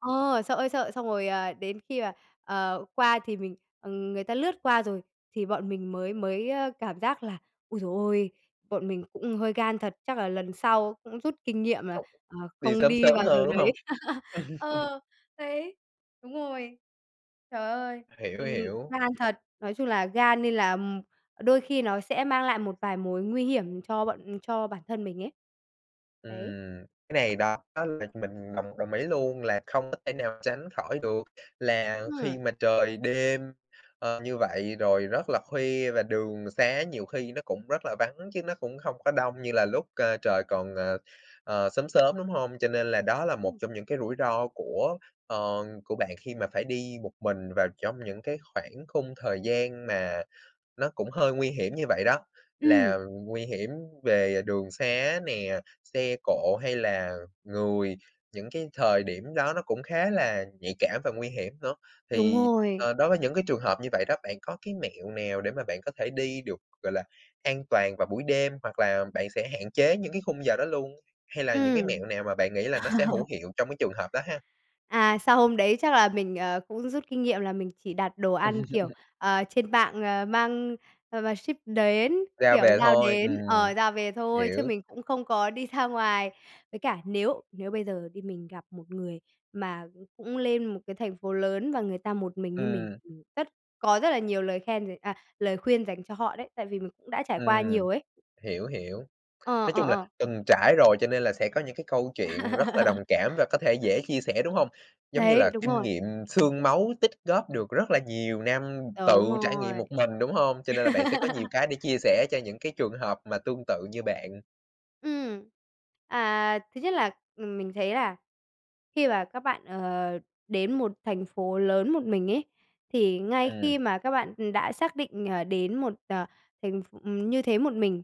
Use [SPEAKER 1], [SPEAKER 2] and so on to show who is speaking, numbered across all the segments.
[SPEAKER 1] Ờ, sợ ơi sợ, xong rồi đến khi mà, ờ, qua thì mình ừm, người ta lướt qua rồi thì bọn mình mới mới cảm giác là "ôi giời ôi", bọn mình cũng hơi gan thật, chắc là lần sau cũng rút kinh
[SPEAKER 2] Ờ,
[SPEAKER 1] nghiệm là,
[SPEAKER 2] không
[SPEAKER 1] à,
[SPEAKER 2] đi
[SPEAKER 1] không
[SPEAKER 2] sớm
[SPEAKER 1] đi
[SPEAKER 2] sớm
[SPEAKER 1] vào giờ
[SPEAKER 2] hơn, đúng hông?
[SPEAKER 1] đấy. Ờ, đấy! Đúng rồi. Trời ơi,
[SPEAKER 2] Hiểu,
[SPEAKER 1] ừm,
[SPEAKER 2] hiểu.
[SPEAKER 1] gan thật! Nói chung là gan nên là đôi khi nó sẽ mang lại một vài mối nguy hiểm cho bọn cho bản thân mình ấy. Đấy!
[SPEAKER 2] Ừm, cái này đó là mình đồng đồng ý luôn là không có thể nào tránh khỏi được, là khi
[SPEAKER 1] Ừm.
[SPEAKER 2] mà trời đêm, ờ, như vậy rồi rất là khuya và đường sá nhiều khi nó cũng rất là vắng chứ nó cũng không có đông như là lúc cơ trời còn, ờ, ờ, sớm sớm, đúng hông? Cho nên là đó là một
[SPEAKER 1] Ừm.
[SPEAKER 2] trong những cái rủi ro của, ở, của bạn khi mà phải đi một mình vào trong những cái khoảng khung thời gian mà nó cũng hơi nguy hiểm như vậy đó,
[SPEAKER 1] Ừm!
[SPEAKER 2] là nguy hiểm về đường sá nè, xe cộ hay là người. Những cái thời điểm đó nó cũng khá là nhạy cảm và nguy hiểm nữa.
[SPEAKER 1] Đúng
[SPEAKER 2] Thì,
[SPEAKER 1] rồi.
[SPEAKER 2] ờ, đối với những cái trường hợp như vậy đó, bạn có cái mẹo nào để mà bạn có thể đi được, gọi là, an toàn vào buổi đêm hoặc là bạn sẽ hạn chế những cái khung giờ đó luôn? Hay là những cái
[SPEAKER 1] Ừm.
[SPEAKER 2] mẹo nào mà bạn nghĩ là nó sẽ hữu hiệu trong cái trường hợp đó ha?
[SPEAKER 1] À, sau hôm đấy chắc là mình, ờ, cũng rút kinh nghiệm là mình chỉ đặt đồ ăn, kiểu, ờ, trên mạng mang ờ, mà ship đến,
[SPEAKER 2] Ra
[SPEAKER 1] kiểu
[SPEAKER 2] về
[SPEAKER 1] giao
[SPEAKER 2] thôi.
[SPEAKER 1] đến,
[SPEAKER 2] Ừm,
[SPEAKER 1] ờ, giao về thôi chứ
[SPEAKER 2] hiểu.
[SPEAKER 1] mình cũng không có đi ra ngoài. Với cả nếu nếu bây giờ đi, mình gặp một người mà cũng lên một cái thành phố lớn và người ta một mình như mình
[SPEAKER 2] Ừm.
[SPEAKER 1] rất có rất là nhiều lời khen d à, lời khuyên dành cho họ đấy, tại vì mình cũng đã trải qua
[SPEAKER 2] Ừm,
[SPEAKER 1] nhiều ấy.
[SPEAKER 2] hiểu, hiểu.
[SPEAKER 1] Ờ,
[SPEAKER 2] Nói
[SPEAKER 1] ờ,
[SPEAKER 2] chung là
[SPEAKER 1] ờ.
[SPEAKER 2] từng trải rồi cho nên là sẽ có những cái câu chuyện rất là đồng cảm và có thể dễ chia sẻ, đúng hông? Giống như
[SPEAKER 1] Đấy!
[SPEAKER 2] là
[SPEAKER 1] Đúng
[SPEAKER 2] kinh
[SPEAKER 1] rồi.
[SPEAKER 2] nghiệm xương máu tích góp được rất là nhiều năm tự
[SPEAKER 1] Đúng
[SPEAKER 2] trải nghiệm
[SPEAKER 1] rồi.
[SPEAKER 2] một mình, đúng hông? Cho nên là bạn sẽ có nhiều cái để chia sẻ cho những cái trường hợp mà tương tự như bạn.
[SPEAKER 1] Ừm, à, thứ nhất là, ừm, mình thấy là khi mà các bạn, ờ, đến một thành phố lớn một mình ấy, thì ngay khi
[SPEAKER 2] Ừm.
[SPEAKER 1] mà các bạn đã xác định, ờ, đến một, ờ, thành ph như thế một mình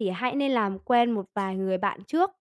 [SPEAKER 1] thì hãy nên làm quen một vài người bạn trước.